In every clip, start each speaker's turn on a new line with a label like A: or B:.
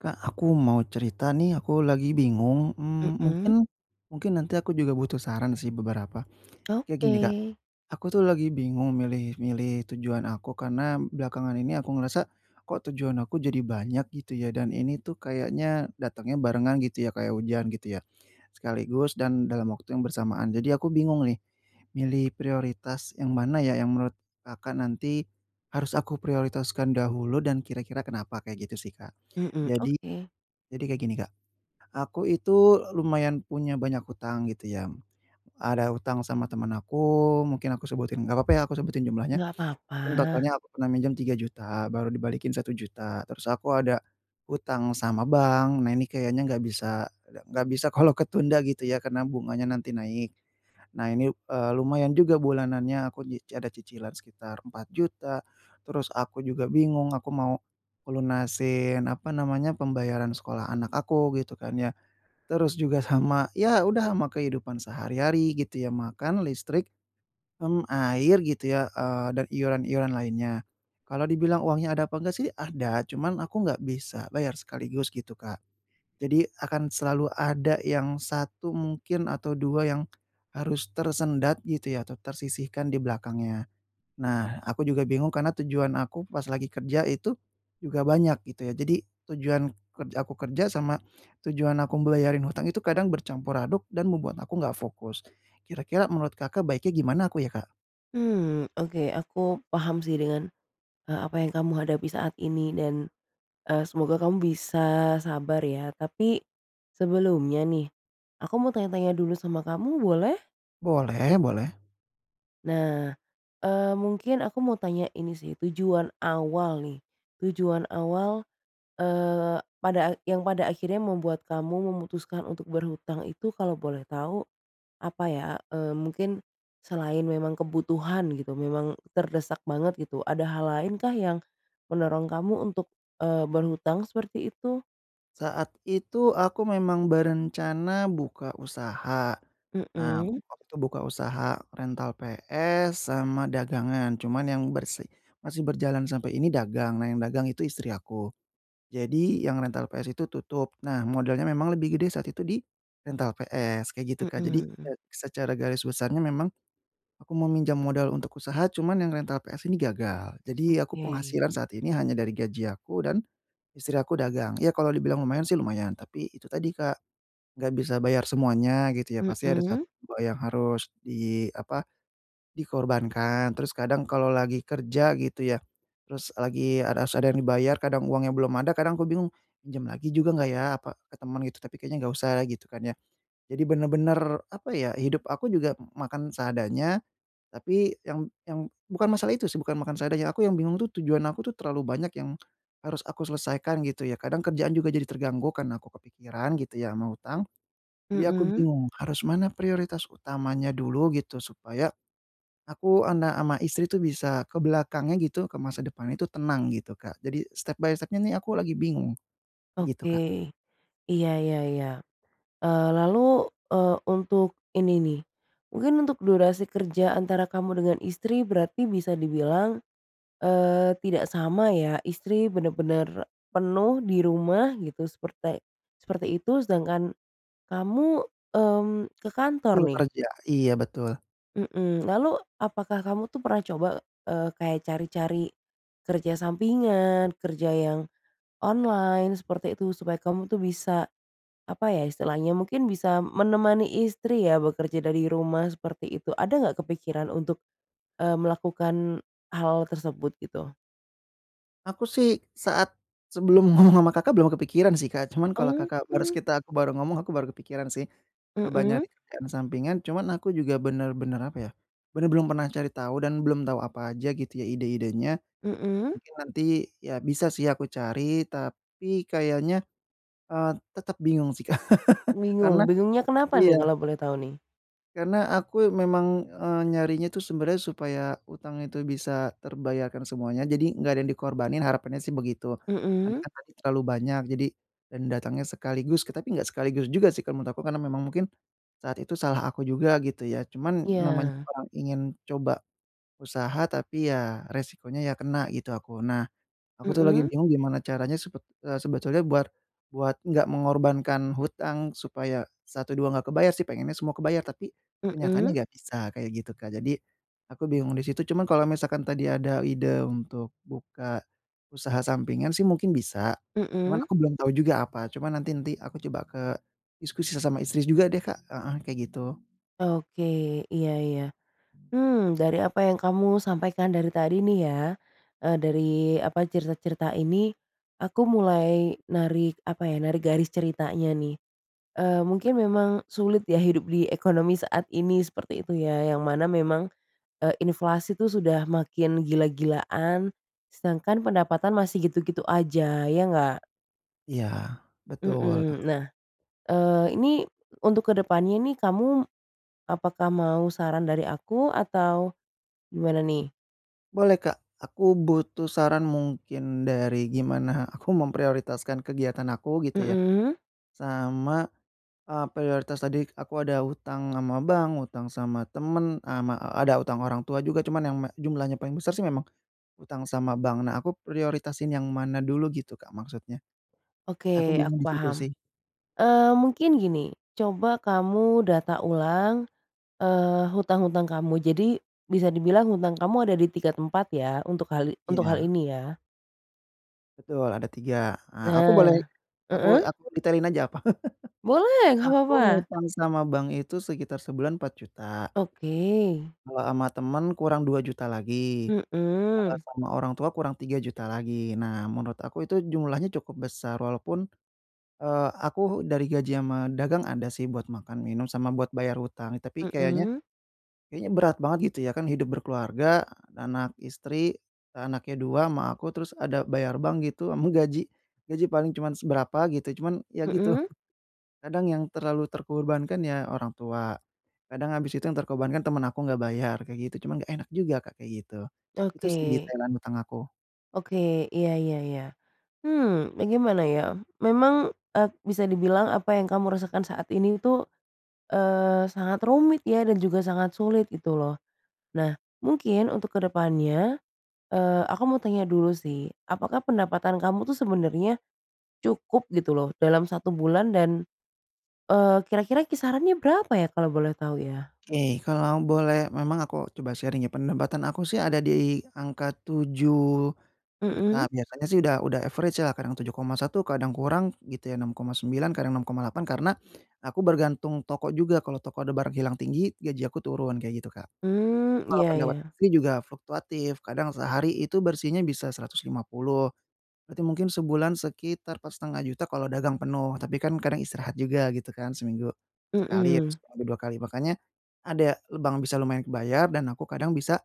A: Kak, aku mau cerita nih. Aku lagi bingung, mmm,
B: Mhm.
A: mungkin mungkin nanti aku juga butuh saran sih beberapa. Kayak gini Kak,
B: Oke.
A: aku tuh lagi bingung milih milih tujuan aku karena belakangan ini aku ngerasa kok tujuan aku jadi banyak gitu ya, dan ini tuh kayaknya datangnya barengan gitu ya kayak hujan gitu ya, sekaligus dan dalam waktu yang bersamaan. Jadi aku bingung nih milih prioritas yang mana ya, yang menurut Kakak nanti harus aku prioritaskan dahulu dan kira-kira kenapa, kayak gitu sih, Kak.
B: Mhm,
A: Jadi
B: oke.
A: jadi kayak gini Kak, aku itu lumayan punya banyak hutang gitu ya, ada hutang sama temen aku mungkin aku sebutin, enggak apa-apa ya aku sebutin jumlahnya.
B: Enggak apa-apa.
A: Mungkin totalnya aku pernah minjem Rp3.000.000 baru dibalikin Rp1.000.000. Terus aku ada hutang sama bank, nah ini kayaknya enggak bisa enggak bisa kalau ketunda gitu ya karena bunganya nanti naik. Nah ini, eee, lumayan juga bulanannya aku nyi ada cicilan sekitar Rp. 4.000.000. Terus aku juga bingung aku mau ngelunasin, apa namanya, pembayaran sekolah anak aku gitu kan ya. Terus juga sama, ya udah sama kehidupan sehari-hari gitu ya, makan, listrik, mmm, air, gitu ya, eee dan iuran-iuran lainnya. Kalau dibilang uangnya ada apa enggak sih ada, cuman aku nggak bisa bayar sekaligus gitu, Kak. Jadi akan selalu ada yang 1 mungkin atau 2 yang harus tersendat gitu ya atau tersisihkan di belakangnya. Nah, aku juga bingung karena tujuan aku pas lagi kerja itu juga banyak gitu ya. Jadi tujuan ke aku kerja sama tujuan aku bayarin hutang itu kadang bercampur aduk dan membuat aku enggak fokus. Kira-kira menurut Kakak baiknya gimana aku ya, Kak?
B: Mmm, oke, aku paham sih, dengan, eee, apa yang kamu hadapi saat ini dan, eee, semoga kamu bisa sabar ya. Tapi sebelumnya nih, aku mau tanya-tanya dulu sama kamu, boleh?
A: Boleh boleh.
B: Nah, eee, mungkin aku mau tanya ini sih, tujuan awal nih, tujuan awal, eee, pada a yang pada akhirnya membuat kamu memutuskan untuk berhutang itu kalau boleh tahu apa ya? Eee, mungkin selain memang kebutuhan gitu, memang terdesak banget gitu. Ada hal lain kah yang mendorong kamu untuk, eee, berhutang seperti itu?
A: Saat itu aku memang berencana buka usaha. Nah,
B: Mhm.
A: aku waktu itu buka usaha rental PS sama dagangan. Cuman yang bersi masih berjalan sampai ini dagang. Nah, yang dagang itu istri aku. Jadi yang rental PS itu tutup, nah modalnya memang lebih gede saat itu di rental PS kayak gitu, Kak. Jadi, e
B: Mhm.
A: secara garis besarnya memang, aku mau minjam modal untuk usaha, cuman yang rental PS ini gagal. Jadi, aku
B: Oke.
A: penghasilan saat ini hanya dari gaji aku dan Istri aku dagang, ya kalau dibilang lumayan sih lumayan, tapi itu tadi, Kak, enggak bisa bayar semuanya gitu ya. Pasti ada 1,
B: Mhm.
A: 2, yang harus di apa, dikorbankan. Terus kadang kalau lagi kerja gitu ya, terus lagi a harus ada yang dibayar, kadang uangnya belum ada, kadang aku bingung, "Pinjem lagi juga enggak ya," apa, "ke temen," gitu, "tapi kayaknya enggak usah lah," gitu kan ya. Jadi benar-benar, apa ya, hidup aku juga makan seadanya. Tapi yang yang bukan masalah itu sih, bukan makan seadanya, aku yang bingung tuh tujuan aku tuh terlalu banyak yang harus aku selesaikan, gitu ya. Kadang kerjaan juga jadi terganggu karena aku kepikiran gitu ya sama hutang. Jadi aku
B: Mhm.
A: bingung harus mana prioritas utamanya dulu, gitu, supaya aku, anak, sama istri tu bisa ke belakangnya, gitu, ke masa depannya itu tenang gitu, Kak. Jadi step by step-nya nih aku lagi bingung, kayak gitu, Kak.
B: Oke. Iya iya iya. Eee, lalu, eee, untuk ini nih, mungkin untuk durasi kerja antara kamu dengan istri berarti bisa dibilang, eee, tidak sama ya? Istri bener-bener penuh di rumah gitu, seperte seperti itu, sedangkan kamu, mmm, ke kantor
A: Full
B: nih?
A: kerja, iya betul.
B: Mhm, lalu, apakah kamu tuh pernah coba, e kayak cari-cari kerja sampingan, kerja yang online seperti itu, supaya kamu itu bisa, apa ya istilahnya, mungkin bisa menemani istri ya bekerja dari rumah, seperti itu. Ada nggak kepikiran untuk, eee, melakukan hal tersebut gitu?
A: Aku sih, saat sebelum ngomong sama Kakak belum kepikiran sih Kak. Cuman kalau
B: Oh.
A: Kakak barus kita aku baru ngomong, aku baru kepikiran sih, coba nyari
B: Mhm.
A: kerjaan sampingan. Cuman aku juga benar-benar apa ya, benar belum pernah cari tahu dan belum tahu apa aja gitu ya, ide-idenya,
B: Mhm.
A: mungkin nanti, ya bisa sih aku cari, tapi kayaknya, eee, tetap bingung sih Kak, karena
B: Bingung, bingungnya kenapa nih,
A: iya.
B: kalau boleh tahu nih?
A: Karena aku memang, eee, nyarinya tuh sebenernya supaya hutang itu bisa terbayarkan semuanya, jadi nggak ada yang dikorbanin, harapannya sih begitu. Karena
B: Mhm.
A: kan tadi terlalu banyak, jadi dan datangnya sekaligus, tapi nggak sekaligus juga sih kalau menurut aku. Karena memang mungkin, saat itu salah aku juga gitu ya. Cuman, namanya
B: Iya.
A: orang ingin coba usaha, tapi ya, resikonya ya kena gitu aku. Nah, aku tuh lagi
B: Mhm.
A: bingung gimana caranya sepet e sebetulnya buat buat enggak mengorbankan hutang, supaya 1, 2 enggak kebayar sih, pengennya semua kebayar, tapi, kenyataannya
B: Mhm.
A: enggak bisa kayak gitu Kak, jadi, aku bingung di situ. Cuman kalau misalkan tadi ada ide untuk buka, usaha sampingan sih mungkin bisa, cuman
B: Mhm.
A: aku belum tau juga apa, cuman nanti nanti aku coba ke diskusi sama istri juga deh Kak, heeh, kayak gitu.
B: Oke. Iya iya. Hmm, dari apa yang kamu sampaikan dari tadi nih ya, e dari apa, cerita-cerita ini, aku mulai narik apa ya, narik garis ceritanya nih. Eee, mungkin memang sulit ya hidup di ekonomi saat ini seperti itu ya, yang mana memang, e inflasi itu sudah makin gila-gilaan, sedangkan pendapatan masih gitu-gitu aja, ya nggak?
A: Iya, betul, Kak.
B: Heeh. Nah, eee, ini untuk ke depannya ini, kamu apakah mau saran dari aku, atau gimana nih?
A: Boleh, Kak. Aku butuh saran, mungkin dari gimana aku memprioritaskan kegiatan aku, gitu ya,
B: Mhm.
A: sama, eee, prioritas tadi aku ada hutang sama bank, hutang sama temen, e sama ada hutang orang tua juga. Cuman yang me jumlahnya paling besar sih memang hutang sama bank. Nah, aku prioritasin yang mana dulu gitu Kak maksudnya? E aku
B: Oke. Aku
A: bingung di situ
B: paham,
A: sih.
B: eee, mungkin gini, coba kamu data ulang, eee, hutang-hutang kamu. Jadi, bisa dibilang hutang kamu ada di 3 tempat ya, untuk hal untuk hal
A: Iya.
B: ini, ya?
A: Betul ada 3. Ah aku boleh
B: Nah,
A: aku
B: heeh?
A: aku detailin aja apa?
B: Boleh, nggak
A: Aku
B: papa.
A: ngutang sama bank itu, sekitar sebulan Rp4.000.000.
B: Oke.
A: Kalau sama temen, kurang Rp2.000.000 lagi. Kalau
B: Mhm.
A: sama orang tua kurang 3.000.000 lagi. Nah, menurut aku itu jumlahnya cukup besar walaupun, eee, aku dari gaji sama dagang, ada sih buat makan minum sama buat bayar hutang. Tapi kayaknya
B: Mhm.
A: kayaknya berat banget gitu ya, kan hidup berkeluarga, anak istri, anaknya 2 sama aku, terus ada bayar bank gitu sama gaji gaji paling cuman seberapa gitu, cuman ya gitu.
B: Mhm.
A: Kadang yang terlalu terkorbankan ya orang tua, kadang habis itu yang terkorbankan temen aku enggak bayar, kayak gitu. Cuman enggak enak juga Kak, kayak gitu. Itu sih
B: Oke.
A: detailan hutang aku.
B: Oke. Iya iya iya. Hmm, nah gimana ya? Memang, e bisa dibilang apa yang kamu rasakan saat ini itu, eee, sangat rumit ya dan juga sangat sulit gitu loh. Nah, mungkin untuk ke depannya eee, aku mau tanya dulu sih, apakah pendapatan kamu itu sebenernya cukup gitu loh dalam 1 bulan dan, eee, kira-kira kisarannya berapa ya kalau boleh tahu ya?
A: Oke. Kalau boleh memang aku coba sharing ya. Penambatan aku sih ada di angka Rp7.000.000.
B: Mhm.
A: Biasanya sih udah udah, average ya kadang Rp7.100.000, kadang kurang gitu ya, Rp6.900.000, kadang Rp6.800.000, karena aku bergantung toko juga. Kalau toko ada barang hilang tinggi, gaji aku turun. Kayak gitu, Kak.
B: Mmm.
A: Kalau
B: Iya
A: pendapatan
B: iya.
A: istri juga fluktuatif. Kadang sehari itu bersihnya bisa Rp150.000. Berarti mungkin sebulan sekitar Rp4.500.000 kalau dagang penuh. Tapi kan kadang istirahat juga gitu kan. Seminggu sekali atau
B: Mhm.
A: seminggu 2 kali. Makanya ada lebang, bisa lumayan kebayar dan aku kadang bisa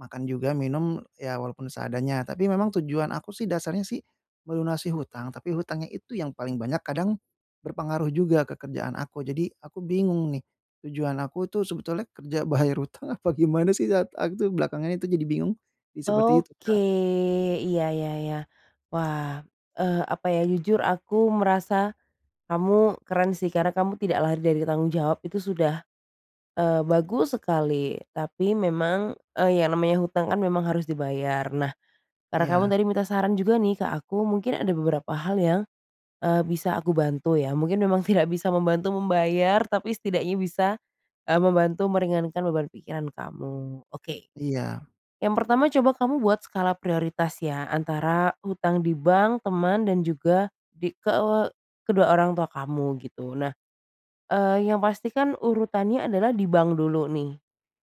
A: makan juga minum, ya walaupun seadanya. Tapi memang tujuan aku sih dasarnya sih melunasi hutang, tapi hutangnya itu yang paling banyak kadang berpengaruh juga ke kerjaan aku. Jadi aku bingung nih tujuan aku tuh sebetulnya kerja bayar hutang apa gimana sih. At aku tuh belakangan itu jadi bingung. Jadi seperti itu,
B: Oke.
A: Kak.
B: Iya iya iya. Wah, eee, apa ya, jujur aku merasa kamu keren sih karena kamu tidak lari dari tanggung jawab. Itu sudah, eee, bagus sekali. Tapi memang, eee, yang namanya hutang kan memang harus dibayar. Nah, karena kamu
A: Iya.
B: tadi minta saran juga nih ke aku. Mungkin ada beberapa hal yang, eee, bisa aku bantu ya. Mungkin memang tidak bisa membantu membayar, tapi setidaknya bisa, eee, membantu meringankan beban pikiran kamu. Oke.
A: Iya.
B: Yang pertama, coba kamu buat skala prioritas ya antara hutang di bank, teman, dan juga di ke kedua orang tua kamu gitu. Nah, eee, yang pasti kan urutannya adalah di bank dulu nih.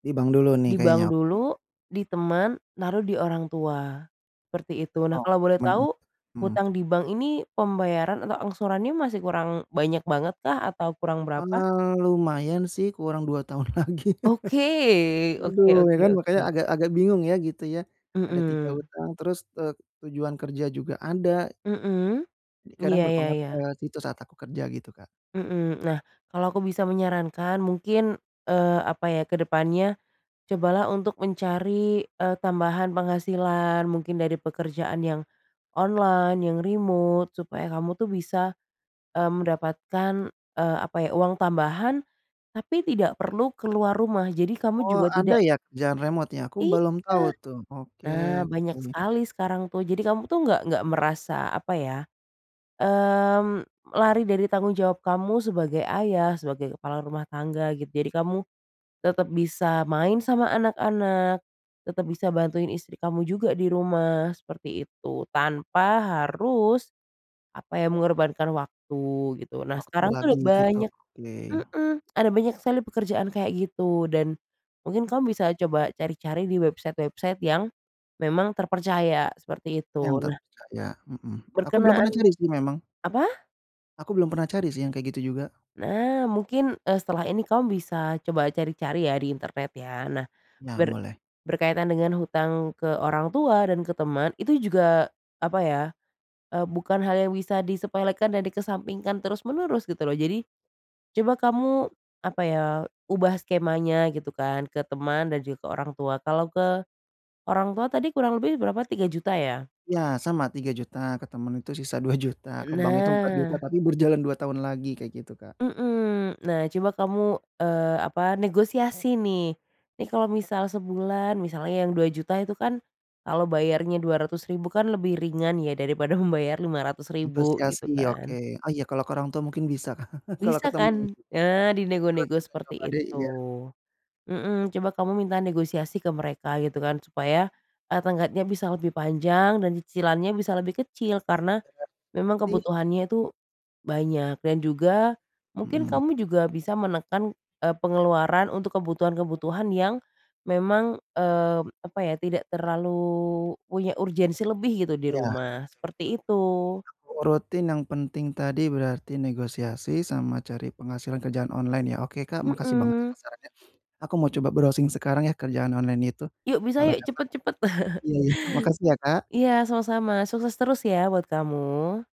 A: Di bank dulu nih
B: Di
A: kayaknya
B: bank
A: oke.
B: dulu, ditemen lalu diorang tua, seperti itu nah kalau
A: Oke
B: boleh
A: bener,
B: tahu,
A: mhm.
B: utang di bank ini pembayaran atau angsurannya masih kurang banyak banget kah? Atau kurang berapa?
A: Eee, lumayan sih kurang 2 tahun lagi,
B: Oke oke
A: aduh ya
B: oke
A: kan makanya
B: oke.
A: agak agak bingung ya gitu ya, ada 3
B: Mhm.
A: utang terus, e tujuan kerja juga ada.
B: Mhm,
A: Jadi kadang
B: iya iya
A: berpengaruh ke
B: iya.
A: situ saat aku kerja gitu Kak.
B: Mhm, nah kalau aku bisa menyarankan mungkin, eee, apa ya kedepannya, cobalah untuk mencari, e tambahan penghasilan mungkin dari pekerjaan yang, online, yang remote supaya kamu itu bisa, eee, mendapatkan, eee, apa ya uang tambahan, tapi tidak perlu keluar rumah jadi kamu
A: Oh
B: juga
A: ada
B: tidak
A: ya kerjaan remote ya? Aku
B: Iya,
A: belum tahu tuh oke
B: nah banyak
A: oke.
B: sekali sekarang tuh jadi kamu itu nggak nggak merasa apa ya, mmm, lari dari tanggung jawab kamu sebagai ayah, sebagai kepala rumah tangga gitu jadi kamu, tetap bisa main sama anak-anak, tetap bisa bantuin istri kamu juga di rumah seperti itu tanpa harus, apa ya mengorbankan waktu gitu nah
A: Waktu
B: sekarang tuh
A: lagi
B: udah
A: gitu
B: banyak
A: oke.
B: mhm, ada banyak sekali pekerjaan kayak gitu dan, mungkin kamu bisa coba cari-cari di website-website yang, memang terpercaya seperti
A: Yang
B: itu nah.
A: terpercaya, mhm, aku belum
B: Berkenaan
A: pernah cari sih memang.
B: apa?
A: Aku belum pernah cari sih yang kayak gitu juga.
B: Nah, mungkin, eee, setelah ini kamu bisa coba cari-cari ya di internet ya. Nah,
A: Nah,
B: ber
A: boleh.
B: berkaitan dengan hutang ke orang tua dan ke temen itu juga apa ya, eee, bukan hal yang bisa disepelekan dan dikesampingkan terus-menerus gitu loh. Jadi, coba kamu apa ya, ubah skemanya gitu kan, ke teman dan juga ke orang tua. Kalau ke orang tua tadi kurang lebih berapa, Rp3.000.000 ya?
A: Iya sama Rp3.000.000, ke temen tuh sisa Rp2.000.000,
B: E
A: ke bank itu Rp4.000.000
B: nah.
A: tapi berjalan 2 tahun lagi kayak gitu Kak.
B: Mhm, nah coba kamu, eee, apa negosiasi nih, nih kalau misal sebulan misalnya yang Rp2.000.000 itu kan kalau bayarnya Rp200.000 kan lebih ringan ya, daripada membayar Rp500.000
A: Negosiasi
B: gitu
A: ya, oke.
B: kan.
A: Oh iya, kalau ke orang tua mungkin bisa, kalau
B: Bisa
A: ketemu.
B: kan?
A: Entar
B: Nah, di
A: aku
B: nego-nego
A: juga
B: seperti
A: coba deh,
B: itu.
A: iya.
B: Mhm, coba kamu minta negosiasi ke mereka gitu kan, supaya, eee, tenggatnya bisa lebih panjang dan cicilannya bisa lebih kecil. Karena memang
A: Berarti
B: kebutuhannya tuh banyak dan juga mungkin
A: Mhm.
B: kamu juga bisa menekan, eee, pengeluaran untuk kebutuhan kebutuhan yang memang, eee, apa ya, tidak terlalu punya urgensi lebih gitu di
A: Iya, betul betul.
B: rumah, seperti itu.
A: Aku urutin yang penting tadi, berarti negosiasi sama cari penghasilan kerjaan online ya. Oke Kak, makasih banget
B: Mhm.
A: atas sarannya. Aku mau coba browsing sekarang ya, kerjaan online itu.
B: Yuk bisa
A: Kalau
B: yuk,
A: dapet
B: cepet cepet.
A: iya iya. Makasih ya Kak.
B: Iya sama-sama, sukses terus ya buat kamu.